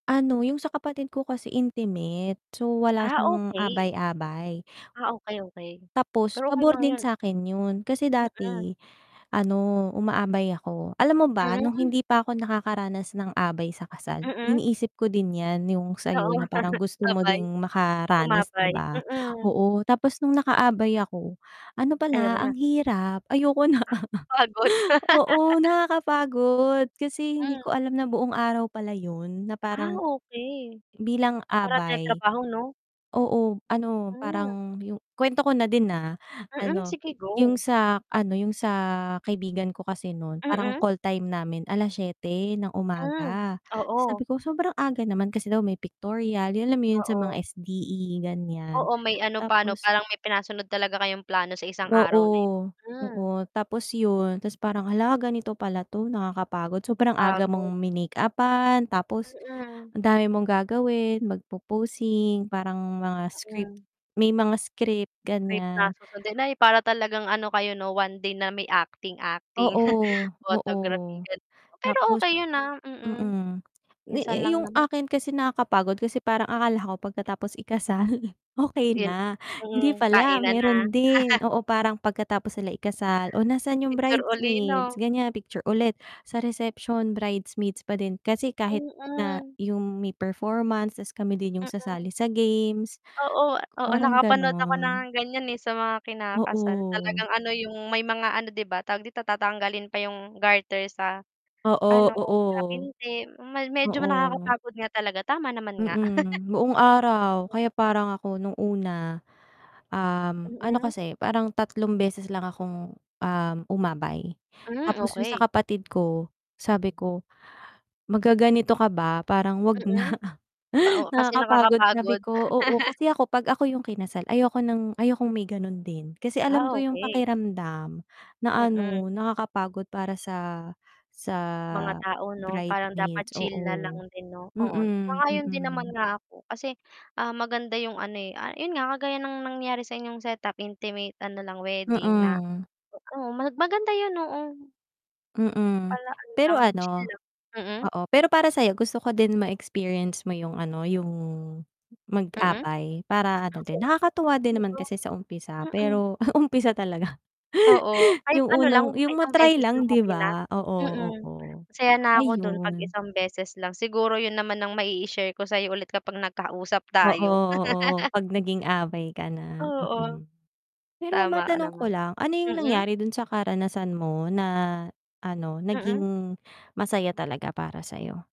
Ano, yung sa kapatid ko kasi intimate, so wala ah siyang okay. abay-abay. ah okay okay, Tapos pero okay pabor lang din yun. sa'kin yun. Kasi Mm. dati ano, umaabay ako. Alam mo ba nung Mm. hindi pa ako nakakaranas ng abay sa kasal, Mm. iniisip ko din yan yung sa'yo Oo. na parang gusto mo Abay. din makaranas, di Umabay, ba. mm. Oo tapos nung nakaabay ako, ano Ayaw mo pala na? ang hirap ayoko na. Kapagod. Oo, nakakapagod kasi hindi Mm. ko alam na buong araw pala yun na Ah parang, okay. bilang ikaw na abay pinagtrabaho, no? oo ano, Mm. parang yung kwento ko na din ah. Mm. Ano, Sige yung go sa ano, yung sa kaibigan ko kasi nun parang Mm. call time namin 7:00 ng Mm, umaga. oo. Sabi ko sobrang aga naman kasi daw may pictorial yun, alam mo yun, sa mga Oo. SDE ganyan Oo, may ano pa ano, tapos parang may pinasunod talaga kayong plano sa isang araw na yun. Oo, Mm. oo. Tapos yun, tas parang halaga nito pala 'to nakakapagod sobrang aga Pagod. mong minakeuppan tapos Mm. ang dami mong gagawin, magpoposing parang mga script Mm. may mga script ganyan. [unintelligible] Ay para talagang ano kayo no, one day na may acting acting, Oo oo. photography, ganun. Pero Tapos okay yun ah, mm. mm. Yu yu Minsan lang yung naman. akin kasi nakakapagod kasi parang akala ko pagkatapos ikasal, okey Yun, na, hindi mm pala, kainan na. meron din, oo, parang pagkatapos sila ikasal o nasaan 'yong Picture uli, bridesmaid no. ganyan picture ulit, sa reception bridesmaids pa din. Kasi kahit na Mm. yung may performance tas kami din yung Mm. sasali sa games, Oo, oo. parang Nakapanood ako ng ganon. ganyan, eh, sa mga kinakasal, Oo. talagang ano, yung may mga ano, di ba, tawag dito, tatanggalin pa yung garter sa Oo, ano, sa oo. binti. Medyo Oo. nakakapagod nga talaga tama naman nga. Mm. Buong araw kaya parang ako nung una, um, ano Mm. kasi parang tatlong beses lang akong, um, umabay Mm, tapos yung sa okay. kapatid ko, sabi ko, "Magaganito ka ba, parang huwag na, Mm. Oo, kasi nakakapagod." Sabi nakakapagod. ko, oo, kasi ako pag ako yung kinasal, ayoko ng ayokong may ganun din. Kasi alam Ah ko yung okay. pakiramdam na ano Mm. nakakapagod para sa Mga tao no. sa parang bridesmaid dapat chill na lang oo din no. [unintelligible] Oo, sang-ayon din naman mm. nga ako kasi, ah, maganda yung ano eh, ah, yun nga kagaya ng nangyari sa inyong set up, intimate ano lang wedding na Mm. oo, mag maganda yun oo, Mm. pala ano Pero lang chill ano, lang, mm. oo, pero para sa'yo gusto ko din ma-experience mo yung ano, yung Mm. mag-abay, para ano din, Oo, nakakatuwa di din naman ba? kasi sa umpisa Mm. pero umpisa talaga. Oo, kahit Yung ano lang, unang yung isang ma-try beses lang, lang, di okay na. ba, oo, Mm, oo, masaya na ako dun 'pag ayun. isang beses lang. Siguro yun naman ang maii-share ko sa'yo ulit kapag nagkausap Oo tayo. oo, 'pag naging abay ka na. Oo. Mm. Pero Tama ka matanong ko naman, lang, ano yung mm. nangyari dun sa karanasan mo na ano, Mm. naging masaya talaga para sa'yo?